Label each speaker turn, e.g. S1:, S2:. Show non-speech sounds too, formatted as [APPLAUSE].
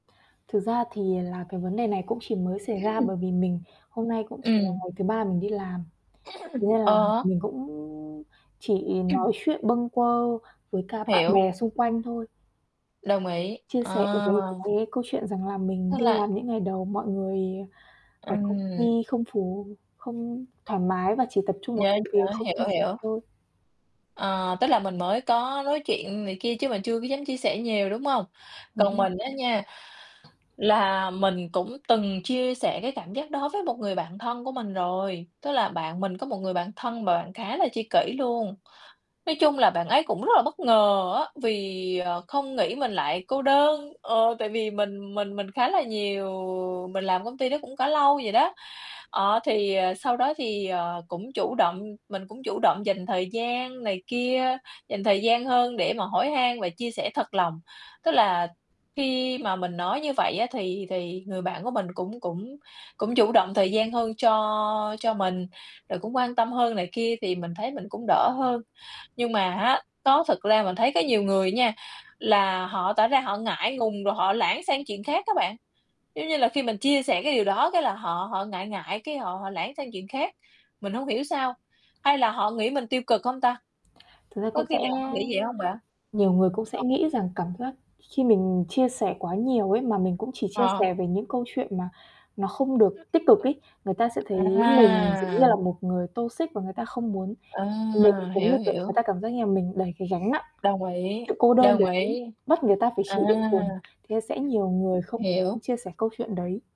S1: Thực ra thì là cái vấn đề này cũng chỉ mới xảy ra bởi
S2: [CLEARS THROAT]
S1: vì mình hôm nay cũng chỉ là
S2: Ừm.
S1: ngày thứ 3 mình đi làm, thế
S2: [CLEARS THROAT]
S1: nên là
S2: Ờ.
S1: mình cũng chỉ
S2: Ừm.
S1: nói chuyện bâng quơ với cả bạn
S2: Hiểu.
S1: bè xung quanh thôi.
S2: Đồng ý.
S1: Chia
S2: Ờ!
S1: sẻ về cái cái câu chuyện rằng là mình
S2: Thế
S1: đi làm
S2: là
S1: những ngày đầu mọi người ở công ty
S2: Ừm.
S1: không phù không thoải mái và chỉ tập trung vào
S2: Yeah,
S1: công việc,
S2: yeah.
S1: không chia
S2: Hiểu,
S1: sẻ
S2: hiểu.
S1: thôi.
S2: Ờ, tức là mình mới có nói chuyện này kia chứ mình chưa có dám chia sẻ nhiều, đúng hông?
S1: Ừm
S2: Còn
S1: hưm.
S2: mình á nha, là mình cũng từng chia sẻ cái cảm giác đó với một người bạn thân của mình rồi, tức là bạn mình có một người bạn thân mà bạn khá là tri kỷ luôn. Nói chung là bạn ấy cũng rất là bất ngờ á, vì, ờ, không nghĩ mình lại cô đơn. Ờ, tại vì mình mình mình khá là nhiều mình làm công ty đó cũng có lâu vậy đó. Ờ, thì, à, sau đó thì, ờ, cũng chủ động mình cũng chủ động dành thời gian này kia, dành thời gian hơn để mà hỏi han và chia sẻ thật lòng. Tức là khi mà mình nói như vậy á, thì thì người bạn của mình cũng cũng cũng chủ động thời gian hơn cho cho mình, rồi cũng quan tâm hơn này kia thì mình thấy mình cũng đỡ hơn. Nhưng mà á, đó thực ra mình thấy có nhiều người á nha, là họ tỏ ra họ ngại ngùng rồi họ lảng sang chuyện khác á bạn. Giống như là khi mình chia sẻ cái điều đó, cái là họ họ ngại ngại, cái họ họ lảng sang chuyện khác. Mình không hiểu sao, hay là họ nghĩ mình tiêu cực hông ta?
S1: Thực ra
S2: Có
S1: cũng sẽ
S2: khi nào họ nghĩ vậy hông bạn?
S1: nhiều người cũng
S2: Ờ.
S1: sẽ nghĩ rằng cảm giác khi mình chia sẻ quá nhiều ấy, mà mình cũng chỉ chia
S2: Ờ.
S1: sẻ về những câu chuyện mà nó không được tích cực ấy, người ta sẽ thấy mình giống
S2: À!
S1: như là một người toxic và người ta không muốn mình
S2: À!
S1: cũng như,
S2: Hiểu,
S1: kiểu,
S2: hiểu.
S1: người ta cảm giác như là mình đẩy cái gánh nặng,
S2: Đồng ý.
S1: sự cô đơn
S2: Đồng
S1: đấy,
S2: ý.
S1: bắt người ta phải
S2: À!
S1: chịu đựng cùng, thế nên sẽ nhiều người không muốn
S2: Hiểu.
S1: chia sẻ câu chuyện đấy.